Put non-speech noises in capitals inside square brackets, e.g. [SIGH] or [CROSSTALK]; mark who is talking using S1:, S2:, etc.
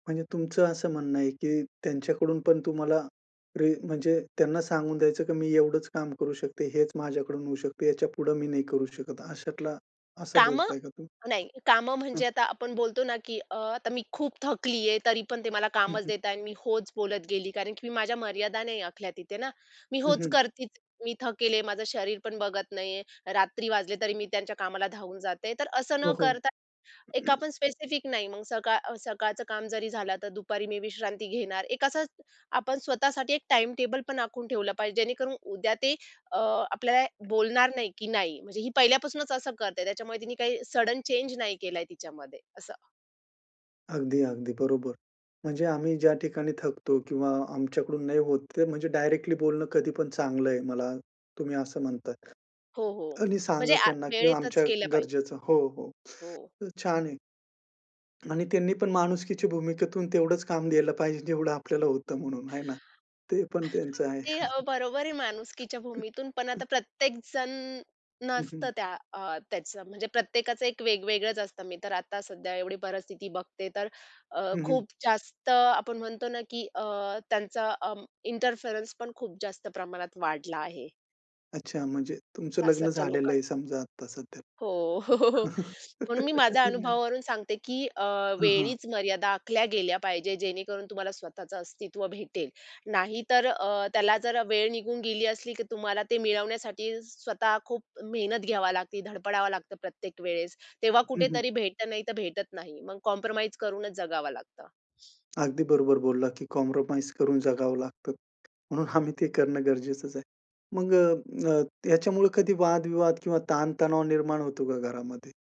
S1: म्हणजे तुमचं असं म्हणणं आहे की त्यांच्याकडून पण तुम्हाला, रे म्हणजे त्यांना सांगून द्यायचं की मी एवढंच काम करू शकते. हेच माझ्याकडून होऊ शकते. याच्यापुढे मी नाही करू शकत. अशातला, असं
S2: कामं,
S1: बोलताय का तु
S2: नाही कामं
S1: हं.
S2: म्हणजे आता आपण बोलतो ना की अ, आता मी खूप थकलीये, तरी पण ते मला
S1: हं,
S2: कामच
S1: हं.
S2: देतायेत अन् मी होच बोलत गेली, कारण की मी माझ्या मर्यादा नाही आखल्या तिथे ना. मी
S1: हं,
S2: होच
S1: हं.
S2: करती मी थकलेले, माझं शरीर पण बघत नाहीये. रात्री वाजले तरी मी त्यांच्या कामाला धावून जाते. तर असं न
S1: हो, हो.
S2: करता एक
S1: [CLEARS THROAT]
S2: आपण स्पेसिफिक नाही मग सकाळ अ, सकाळचं काम जरी झालं, आता दुपारी मी विश्रांती घेणार. एक असं आपण स्वतःसाठी एक टाईमटेबल पण आखून ठेवलं पाहिजे, जेणेकरून उद्या ते अ, आपल्याला बोलणार नाही की नाही म्हणजे ही पहिल्यापासूनच असं करते. त्याच्यामुळे तिने काही सडन चेंज नाही केलाय तिच्यामध्ये, असं.
S1: अगदी, अगदी बरोबर. म्हणजे आम्ही ज्या ठिकाणी थकतो किंवा आमच्याकडून नाही होत, ते म्हणजे डायरेक्टली बोलणं कधीपण चांगलंय, मला तुम्ही असं म्हणताय.
S2: हो, हो.
S1: आणि
S2: म्हणजे
S1: सांगा
S2: आ
S1: त्यांना की
S2: वेळेतच
S1: आमच्या
S2: केलं पाहिजे.
S1: गरजेचं हो, हो.
S2: हो.
S1: [INHALES] छान आहे. आणि त्यांनी पण माणुसकीच्या भूमिकेतून तेवढंच काम द्यायला पाहिजे जेवढं आपल्याला होतं म्हणून, आहे ना? ते पण
S2: [SNEEZES]
S1: त्यांचं आहे.
S2: ते अ, बरोबर आहे माणुसकीच्या भूमीतून पण
S1: [CHUCKLES]
S2: आता प्रत्येकजण
S1: हं,
S2: नसतं
S1: हं.
S2: त्या अ, त्याचं. म्हणजे प्रत्येकाचं एक वेगवेगळच असतं मी तर आता सध्या एवढी परिस्थिती बघते. तर अ,
S1: हं, हं.
S2: खूप जास्त आपण म्हणतो ना की अ, त्यांचा अं, इंटरफेरन्स पण खूप जास्त प्रमाणात वाढला आहे.
S1: अच्छा. म्हणजे तुमचं लग्न
S2: सासरच्या
S1: झालेलं
S2: लोकांचा.
S1: आहे समजा आता सध्या.
S2: हो. [CHUCKLES] [INHALES] म्हणून मी माझ्या
S1: [LAUGHS]
S2: अनुभवावरून सांगते की अ,
S1: हं, हां.
S2: वेळीच मर्यादा आखल्या गेल्या पाहिजेत, जेणेकरून तुम्हाला स्वतःच अस्तित्व भेटेल. नाहीतर अ, त्याला जरा वेळ निघून गेली असली, की तुम्हाला ते मिळवण्यासाठी स्वतः खूप मेहनत घ्यावी लागते, धडपडावं लागतं प्रत्येक वेळेस. तेव्हा
S1: हं, हं.
S2: कुठेतरी भेटतं, नाहीतर भेटत नाही. मग कॉम्प्रोमाईज करूनच जगावं लागतं. [INHALES]
S1: अगदी बरोबर बोलला की कॉम्प्रोमाईज करून जगावं लागतं. म्हणून आम्ही ते करणं गरजेचंच आहे. मग अ, अ, ह्याच्यामुळे कधी वादविवाद किंवा ताणतणाव निर्माण होतो का घरामध्ये?